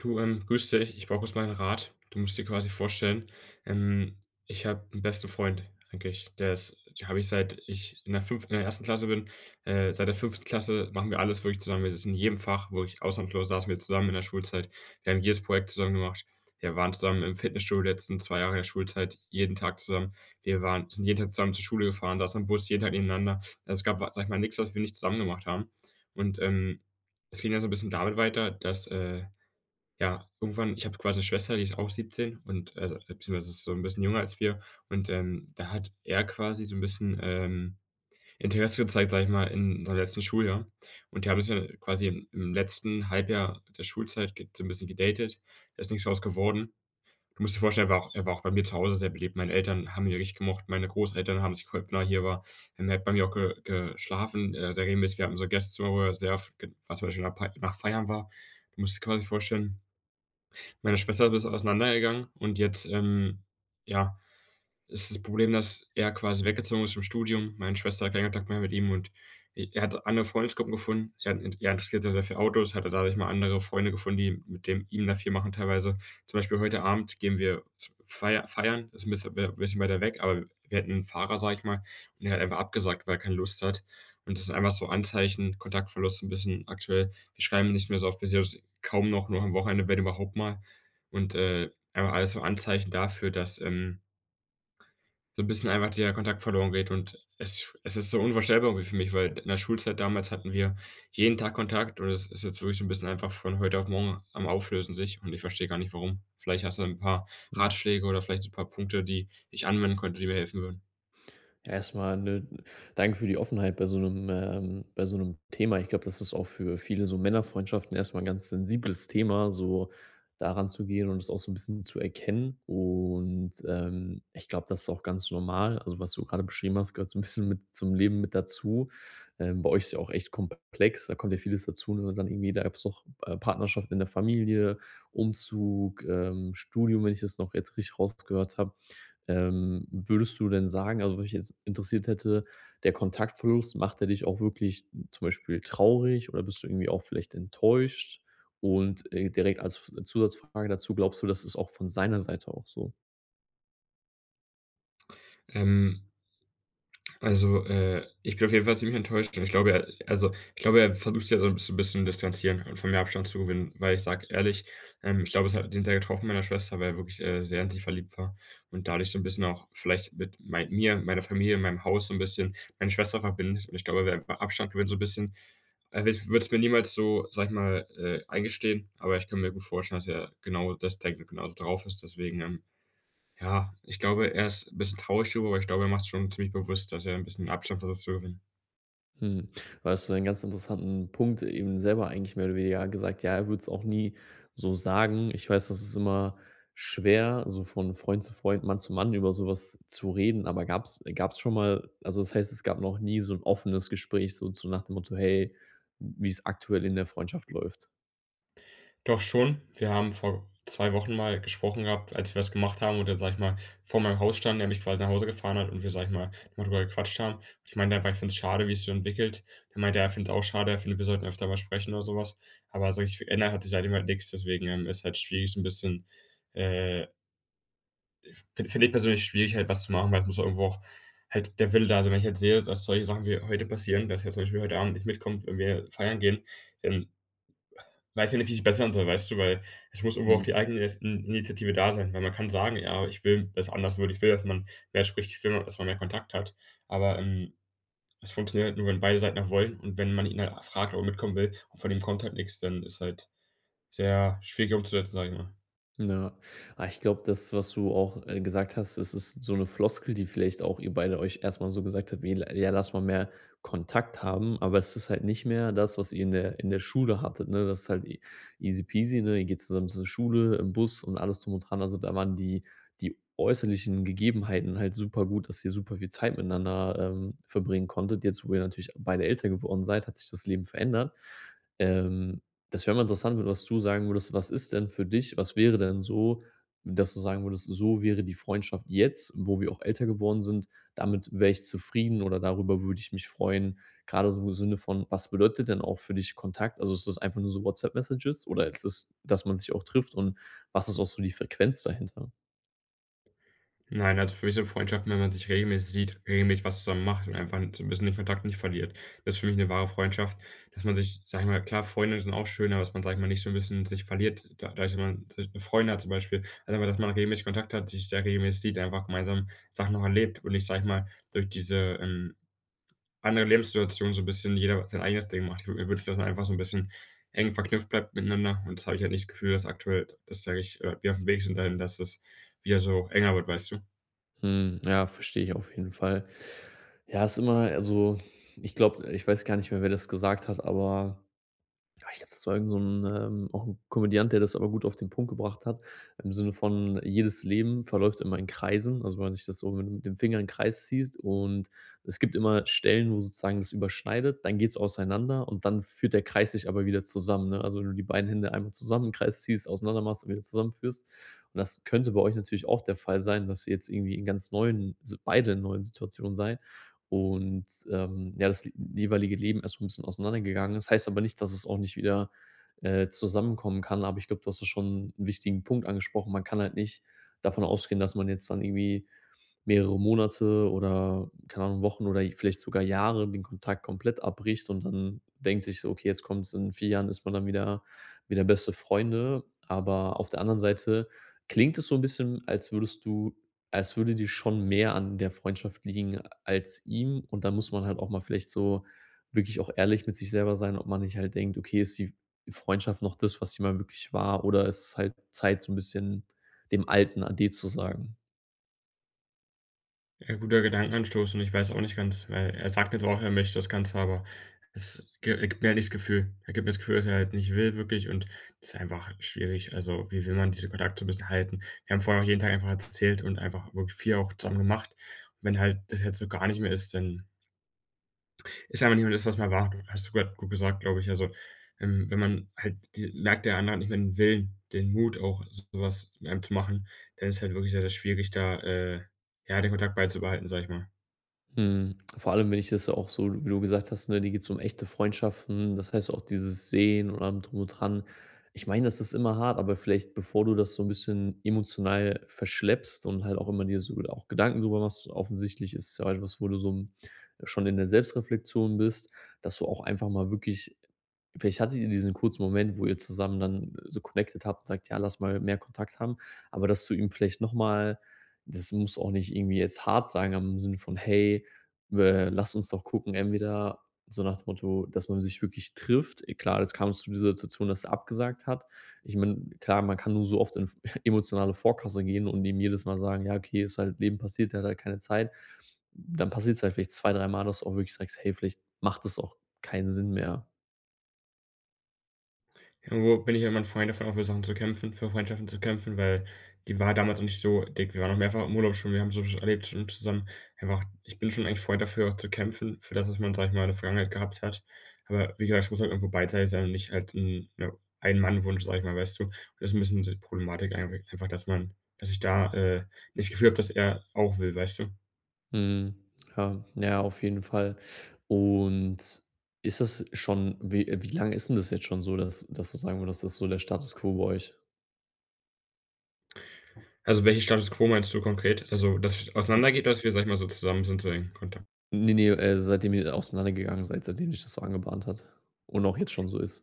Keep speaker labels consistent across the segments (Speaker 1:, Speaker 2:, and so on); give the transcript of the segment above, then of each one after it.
Speaker 1: Du, ähm, grüße dich, ich brauche kurz mal 'n Rat. Du musst dir quasi vorstellen, ähm, ich habe 'n besten Freund eigentlich, der ist den habe ich seit ich in der 5. in der 1. Klasse bin. Äh, seit der 5. Klasse machen wir alles wirklich zusammen. Das ist in jedem Fach wo ich ausnahmslos saßen wir zusammen in der Schulzeit, wir haben jedes Projekt zusammen gemacht. Wir waren zusammen im Fitnessstudio die letzten 2 Jahre der Schulzeit, jeden Tag zusammen. Wir waren sind jeden Tag zusammen zur Schule gefahren, saßen im Bus jeden Tag nebeneinander. Es gab, sage ich mal, nichts, was wir nicht zusammen gemacht haben. Und, ähm, es ging ja so 'n bisschen damit weiter, dass, äh, ja, irgendwann ich habe quasi 'ne Schwester, die ist auch 17 und, äh, beziehungsweise ist so 'n bisschen jünger als wir und, ähm, da hat er quasi so 'n bisschen, ähm, Interesse gezeigt, sage ich mal, in seinem letzten Schuljahr. Und die haben sich dann quasi im im letzten Halbjahr der Schulzeit, ge so 'n bisschen gedatet. Da ist nichts draus geworden. Du musst dir vorstellen, war auch er war auch bei mir zu Hause sehr beliebt. Meine Eltern haben ihn richtig gemocht. Meine Großeltern haben sich gefreut, wenn er hier war. Und er hat auch bei mir ge geschlafen, äh, sehr regelmäßig. Wir hatten unser Gästezimmer, wo er sehr f g was zum Beispiel nach p nach feiern war. Du musst dir quasi vorstellen, meine Schwester ist das auseinandergegangen und jetzt, ähm, ja, ist das Problem, dass er quasi weggezogen ist zum Studium. Meine Schwester hat keinen Kontakt mehr mit ihm und i er hat andere Freundesgruppen gefunden. Er hat 'ne er interessiert sich sehr für Autos, hatte dadurch mal andere Freunde gefunden, die mit dem ihm da viel machen teilweise. Zum Beispiel heute Abend gehen wir z feier feiern, ist 'n bisschen w bisschen weiter weg, aber, äh, wir hätten 'n Fahrer, sage ich mal, und er hat einfach abgesagt, weil er keine Lust hat. Und das sind einfach so Anzeichen, Kontaktverlust so 'n bisschen aktuell. Wir schreiben nicht mehr so oft, wir sehen uns kaum noch, nur am Wochenende, wenn überhaupt mal. Und, äh, einfach alles so Anzeichen dafür, dass, ähm so 'n bisschen einfach der Kontakt verloren geht. Und es es ist so unvorstellbar irgendwie für mich, weil in der Schulzeit damals hatten wir jeden Tag Kontakt und es ist jetzt wirklich so 'n bisschen einfach von heute auf morgen am Auflösen sich und ich verstehe gar nicht, warum. Vielleicht hast du 'n paar
Speaker 2: Mhm.
Speaker 1: Ratschläge oder vielleicht so 'n paar Punkte, die ich anwenden könnte, die mir helfen würden.
Speaker 2: Ja, erst mal, ne, danke für die Offenheit bei so 'nem, ähm bei so 'nem Thema. Ich glaube, das ist auch für viele so Männerfreundschaften erst mal 'n ganz sensibles Thema, so da ranzugehen und das auch so 'n bisschen zu erkennen. Und, ähm, ich glaube, das ist auch ganz normal. Also, was du gerade beschrieben hast, gehört so 'n bisschen mit zum Leben mit dazu. Ähm, bei euch ist ja auch echt komplex, da kommt ja vieles dazu, und wenn man dann irgendwie, da jetzt noch, äh, noch Partnerschaft in der Familie, Umzug, ähm, Studium, wenn ich das noch jetzt richtig rausgehört habe. Ähm, würdest du denn sagen also, was mich jetzt interessiert hätte, der Kontaktverlust, macht der dich auch wirklich zum Beispiel traurig oder bist du irgendwie auch vielleicht enttäuscht? Und, äh, direkt als F Zusatzfrage dazu, glaubst du, das ist auch von seiner Seite auch so?
Speaker 1: Ähm also, äh, ich bin auf jeden fall ziemlich enttäuscht. Ich glaube, er also, ich glaube, er versucht sich halt so 'n bisschen bisschen distanzieren und von mir Abstand zu gewinnen, weil ich sage ehrlich, ähm, ich glaube, es hat den Teil getroffen meiner Schwester, weil er wirklich, äh, sehr in sie verliebt war und dadurch so 'n bisschen auch vielleicht mit mei mir, meiner Familie, meinem Haus so 'n bisschen, meine Schwester verbindet. Und ich glaube, er will einfach Abstand gewinnen so 'n bisschen. Also, i er würde es mir niemals so, sage ich mal, äh, eingestehen, aber ich kann mir gut vorstellen, dass er genau das denkt und genauso drauf ist, deswegen, ähm ja, ich glaube, er ist bisschen 'n bisschen traurig darüber, weil ich glaube, er macht sich schon ziemlich bewusst, dass er 'n bisschen Abstand versucht zu gewinnen.
Speaker 2: Mhm. Da hast du einen ganz interessanten Punkt eben selber eigentlich mehr oder weniger gesagt, ja, er würde es auch nie so sagen. Ich weiß, das ist immer schwer, so von Freund zu Freund, Mann zu Mann über so was zu reden. Aber gab es, äh gab es schon mal also, das heißt, es gab noch nie so 'n offenes Gespräch so zu nach dem Motto: Hey, wie's aktuell in der Freundschaft läuft.
Speaker 1: Doch schon. Wir haben vor 2 Wochen mal gesprochen gehabt, als wir was gemacht haben oder sage ich mal, vor meinem Haus standen, er mich quasi nach Hause gefahren hat und wir sage ich mal, mal drüber gequatscht haben. Ich meine halt, weil ich finde es schade, wie sich es so entwickelt. Er meint, ja, ich findet es auch schade. Er findet, wir sollten öfter mal sprechen oder so was. Aber so wirklich verändert hat sich halt immer nix, deswegen, ähm, ist halt schwierig so 'n bisschen, äh fin finde ich persönlich schwierig, halt was zu machen, weil es muss halt irgendwo auch halt der Wille da sein. Wenn ich jetzt sehe, dass solche Sachen wie heute passieren, dass er zum Beispiel heute Abend nicht mitkommt, wenn wir feiern gehen, dann weiß ich nicht, wie es sich bessern soll, weißt du? Weil es muss irgendwo auch die
Speaker 2: Mhm.
Speaker 1: Eigenin Initiative da sein, weil man kann sagen: „Ja, ich will, dass anders wird. Ich will, dass man mehr spricht. Ich will, dass man mehr Kontakt hat.“ Aber, ähm, es funktioniert halt nur, wenn beide Seiten auch wollen und wenn man ihn halt fragt, ob er mitkommen will und von ihm kommt halt nix, dann ist halt sehr schwierig umzusetzen, sage ich mal.
Speaker 2: Ja. Ah, ich glaube, das, was du auch, äh, gesagt hast, das ist so 'ne Floskel, die vielleicht auch ihr beide euch erst mal so gesagt habt, wie: „L ja, lass mal mehr Kontakt haben.“ Aber es ist halt nicht mehr das, was ihr in der in der Schule hattet, ne? Das ist halt easy-peasy, ne? Ihr geht zusammen zur Schule, im Bus und alles drum und dran. Also, da waren die die äußerlichen Gegebenheiten halt super gut, dass ihr super viel Zeit miteinander, ähm, verbringen konntet. Jetzt, wo ihr natürlich beide älter geworden seid, hat sich das Leben verändert. Ähm, das wäre mal interessant, was du sagen würdest, was ist denn für dich was wäre denn so, dass du sagen würdest: So wäre die Freundschaft jetzt, wo wir auch älter geworden sind damit wäre ich zufrieden oder darüber würde ich mich freuen? Grade so im Sinne von, was bedeutet denn auch für dich Kontakt? Also, ist das einfach nur so WhatsApp-Messages oder ist das, dass man sich auch trifft und was ist auch so die Frequenz dahinter?
Speaker 1: Nein, also für mich sind Freundschaften, wenn man sich regelmäßig sieht, regelmäßig was zusammen macht und einfach 'n so 'n bisschen den Kontakt nicht verliert. Das ist für mich 'ne wahre Freundschaft, dass man sich, sage ich mal klar, Freunde sind auch schön, aber dass man, sage ich mal, nicht so 'n bisschen sich verliert, da dadurch jemand 'ne Freundin hat zum Beispiel. Also, aber, dass man regelmäßig Kontakt hat, sich sehr regelmäßig sieht, einfach gemeinsam Sachen auch erlebt. Und nicht sage ich mal, durch diese, ähm, anderen Lebenssituation so 'n bisschen jeder sein eigenes Ding macht, ich würde mir wünschen, dass man einfach so 'n bisschen eng verknüpft bleibt miteinander und das habe ich halt nicht das Gefühl, dass aktuell, das sage ich, äh, wir aufm Weg sind da hin, dass das wieder so enger wird, weißt du?
Speaker 2: Hm, ja, verstehe ich auf jeden Fall. Ja, ist immer also ich glaube ich weiß gar nicht mehr, wer das gesagt hat, aber, ah, ich glaube, das war irgend so 'n, ähm auch 'n Komödiant, der das aber gut auf den Punkt gebracht hat im Sinne von jedes Leben verläuft immer in Kreisen, also wenn man sich das so mit dem Finger in den Kreis ziehst. Und es gibt immer Stellen, wo sozusagen es überschneidet, dann geht's auseinander und dann führt der Kreis sich aber wieder zusammen, ne? Also, wenn du die beiden Hände einmal zusammen im Kreis ziehst, auseinander machst und wieder zusammenführst. Und das könnte bei euch natürlich auch der Fall sein, dass jetzt irgendwie in ganz neuen Si beide in neuen Situationen seid und, ähm, ja, das jeweilige Leben erst mal 'n bisschen auseinandergegangen ist. Das heißt aber nicht, dass es auch nicht wieder, äh, zusammenkommen kann, aber ich glaube, du hast ja schon 'n wichtigen Punkt angesprochen. Man kann halt nicht davon ausgehen, dass man jetzt dann irgendwie mehrere Monate oder keine Ahnung, Wochen oder vielleicht sogar Jahre den Kontakt komplett abbricht und dann denkt sich so: „Okay, jetzt kommt's“, in 4 Jahren ist man dann wieder wieder beste Freunde. Aber auf der anderen Seite klingt es so 'n bisschen, als würdest du als würde dir schon mehr an der Freundschaft liegen als ihm. Und dann muss man halt auch mal vielleicht so wirklich auch ehrlich mit sich selber sein, ob man nicht halt denkt: „Okay, ist die F Freundschaft noch das, was sie mal wirklich war, oder ist es halt Zeit, so 'n bisschen dem alten ade zu sagen?“
Speaker 1: Ja. Guter Gedankenanstoß und ich weiß auch nicht ganz, weil er sagt jetzt auch, er möchte das Ganze, aber es gi er gibt mir halt nicht das Gefühl. Er gibt mir das Gefühl, dass er halt nicht will wirklich und ist einfach schwierig. Also, wie will man diesen Kontakt so 'n bisschen halten? Wir haben vorher auch jeden Tag einfach erzählt und einfach wirklich viel auch zusammen gemacht. Und wenn halt das jetzt so gar nicht mehr ist, dann ist einfach nicht mehr das was es einmal war. Hast du grad gut gesagt, glaube ich. Also, ähm, wenn man halt dies merkt der Andere hat nicht mehr den Willen, den Mut auch so was mit einem zu machen, dann ist halt wirklich sehr, sehr schwierig, da, äh, ja, den Kontakt beizubehalten, sage ich mal.
Speaker 2: Mhm. Vor allem wenn ich das ja auch so wie du gesagt hast, ne, dir geht's um echte Freundschaften. Das heißt auch dieses Sehen und allem drum und dran. Ich meine, das ist immer hart, aber vielleicht, bevor du das so 'n bisschen emotional verschleppst und halt auch immer dir so wohl auch Gedanken drüber machst, offensichtlich ist ja etwas, wo du so 'n schon in der Selbstreflexion bist, dass du auch einfach mal wirklich vielleicht hattet ihr diesen kurzen Moment, wo ihr zusammen dann so connected habt und sagt: „Ja, lass mal mehr Kontakt haben.“ Aber dass du ihm vielleicht noch mal das muss auch nicht irgendwie jetzt hart sein, aber im Sinn von: „Hey, we lass uns doch gucken entweder“, so nach dem Motto, dass man sich wirklich trifft. E klar, jetzt kam's zu dieser Situation, dass der abgesagt hat. Ich meine, klar, man kann nur so oft in v emotionale Vorkasse gehen und dem jedes Mal sagen: „Ja okay, ist halt Leben passiert der hat halt keine Zeit.“ Dann passiert's halt vielleicht 2, 3 Mal, dass du auch wirklich sagst: „Hey, vielleicht macht das auch keinen Sinn mehr.“
Speaker 1: Irgendwo bin ich ja immer 'n Freund davon, auch für Sachen zu kämpfen, für Freundschaften zu kämpfen, weil die war damals noch nicht so dick. Wir waren auch mehrfach im Urlaub schon, wir haben soviel schon erlebt schon zusammen wir haben auch ich bin schon eigentlich Freund, dafür auch zu kämpfen, für das, was man, sage ich mal, in der Vergangenheit gehabt hat. Aber wie gesagt, es muss halt auch irgendwo beidseitig sein und nicht halt 'n, ja, Ein-Mann-Wunsch, sage ich mal, weißt du? Und das ist 'n bisschen so die Problematik eig einfach, dass man dass ich da, äh, nicht das Gefühl habe, dass er auch will, weißt du?
Speaker 2: Mhm. Ja, ja, auf jeden Fall. Und ist es schon wie wie lang ist 'n das jetzt schon so, dass dass du sagen würdest, dass das so der Status quo bei euch?
Speaker 1: Also, welche Status quo meinst du konkret? Also, dass es auseinandergeht, oder dass wir, sage ich mal, so zusammen sind, so in Kontakt.
Speaker 2: Ne, ne, äh, seitdem ihr auseinandergegangen seid, seitdem sich das so angebahnt hat und auch jetzt schon so ist.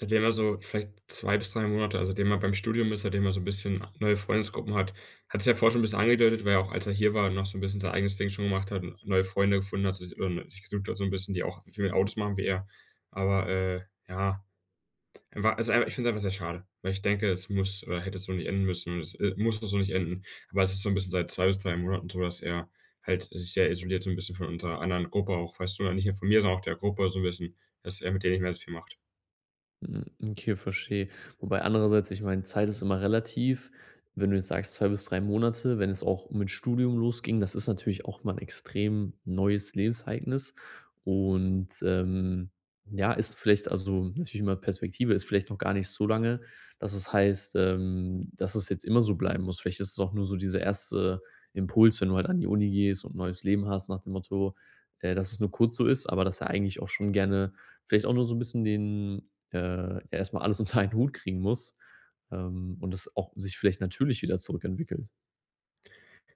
Speaker 1: Seitdem er so vielleicht 2 bis 3 Monate also, seitdem er beim Studium ist, seitdem er so 'n bisschen neue Freundesgruppen hat, hat sich ja vorher schon 'n bisschen angedeutet, weil er auch als er hier war, noch so 'n bisschen sein eigenes Ding schon gemacht hat, n neue Freunde gefunden hat, sich, ähm, gesucht hat so 'n bisschen, die auch, w viel mit Autos machen, wie er. Aber, äh, ja, er war ist einfach, ich finde es einfach sehr schade, weil ich denke, es muss oder hätte so nicht enden müssen, es, äh, muss das so nicht enden, aber es ist so 'n bisschen seit 2 bis 3 Monaten so, dass er halt sich sehr isoliert so 'n bisschen von unserer anderen Gruppe auch, weißt du, nicht nur von mir, sondern auch der Gruppe so 'n bisschen, dass er mit denen nicht mehr so viel macht.
Speaker 2: Hm, okay, verstehe. Wobei andererseits, ich meine, Zeit ist immer relativ, wenn du jetzt sagst, 2 bis 3 Monate, wenn es auch mit Studium losging, das ist natürlich auch mal 'n extrem neues Lebensereignis und, ähm, ja, ist vielleicht also, natürlich immer Perspektive ist vielleicht noch gar nicht so lange, dass es heißt, ähm, dass es jetzt immer so bleiben muss. Vielleicht ist es auch nur so dieser 1. Impuls, wenn du heut an die Uni gehst und neues Leben hast nach dem Motto, äh, dass es nur kurz so ist, aber dass er eigentlich auch schon gerne vielleicht auch nur so 'n bisschen den, äh erst mal alles unter einen Hut kriegen muss, ähm, und das auch sich vielleicht natürlich wieder zurückentwickelt.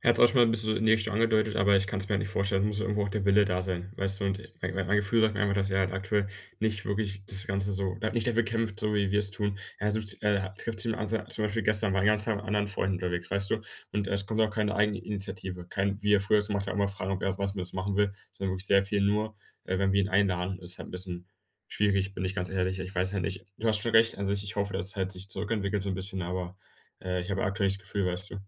Speaker 1: Er hat es auch schon mal 'n bisschen so in die Richtung schon angedeutet, aber ich kann es mir halt nicht vorstellen. Es muss ja irgendwo auch der Wille da sein, weißt du? Und mein mein Gefühl sagt mir einfach, dass er halt aktuell nicht wirklich das Ganze so da nicht dafür kämpft, so wie wir es tun. Er sucht, äh trifft sich zum [unintelligible] zum Beispiel gestern, war den ganzen Tag mit anderen Freunden unterwegs, weißt du? Und es kommt auch keine Eigeninitiative, kein wie er früher es gemacht hat, immer fragen, ob er auch was mit uns machen will, sondern wirklich sehr viel nur, äh, wenn wir ihn einladen. Ist halt 'n bisschen schwierig, bin ich ganz ehrlich. Ich weiß ja nicht du hast schon recht an sich. Ich hoffe, dass er halt sich zurückentwickelt, so 'n bisschen, aber, äh, ich habe aktuell nicht das Gefühl, weißt du.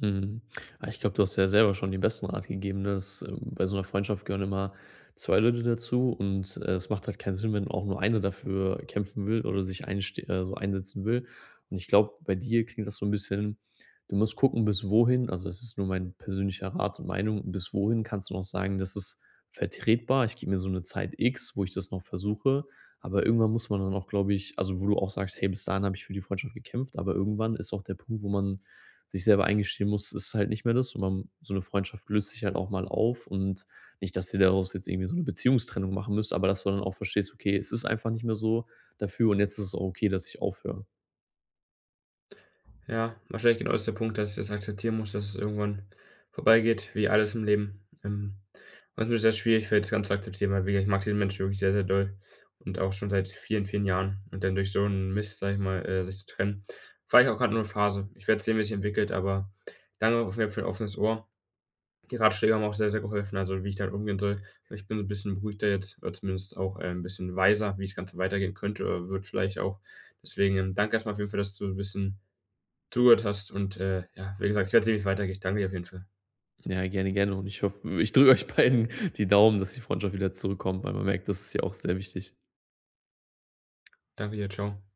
Speaker 2: Mhm. Ah, ich glaube, du hast dir ja selber schon den besten Rat gegeben, ne, dass, äh, bei so 'ner Freundschaft gehören immer 2 Leute dazu, und es macht halt keinen Sinn, wenn man auch nur einer dafür kämpfen will oder sich einsste äh, so einsetzen will. Und ich glaube, bei dir klingt das so 'n bisschen du musst gucken, bis wohin also, es ist nur mein persönlicher Rat und Meinung, bis wohin kannst du noch sagen: „Das ist vertretbar. Ich gebe mir so 'ne Zeit X, wo ich das noch versuche.“ Aber irgendwann muss man dann auch, glaube ich also, wo du auch sagst: „Hey, bis dahin habe ich für die Freundschaft gekämpft.“ Aber irgendwann ist auch der Punkt, wo man sich selber eingestehen muss, es ist halt nicht mehr das, und man so 'ne Freundschaft löst sich halt auch mal auf und nicht, dass ihr daraus jetzt irgendwie so 'ne Beziehungstrennung machen müsst, aber dass du dann auch verstehst, okay, es ist einfach nicht mehr so dafür, und jetzt ist es auch okay, dass ich aufhöre.
Speaker 1: Ja, wahrscheinlich genau das ist der Punkt, dass ich das akzeptieren muss, dass es irgendwann vorbeigeht, wie alles im Leben. Ähm, was mir sehr schwierig fällt das Ganze zu akzeptieren, weil wie ich mag diesen Mensch wirklich sehr, sehr doll und auch schon seit vielen, vielen Jahren, und dann durch so 'n Mist, sage ich mal, äh, sich zu trennen. Vielleicht auch grad nur 'ne Phase. Ich werde sehen, wie es sich entwickelt, aber danke auf jeden Fall für dein offenes Ohr. Die Ratschläge haben auch sehr, sehr geholfen, also, wie ich damit umgehen soll. Ich bin so 'n bisschen beruhigter jetzt oder zumindest auch, äh, ein bisschen weiser, wie das Ganze weitergehen könnte oder wird vielleicht auch. Deswegen danke erst mal auf jeden Fall, dass du 'n bisschen zugehört hast und, äh, ja, wie gesagt, ich werde sehen, wie es weitergeht. Ich danke dir auf jeden Fall.
Speaker 2: Ja, gerne, gerne. Und ich hoffe ich drücke euch beiden die Daumen, dass die Freundschaft wieder zurückkommt, weil man merkt, das ist dir auch sehr wichtig.
Speaker 1: Danke dir. Ciao.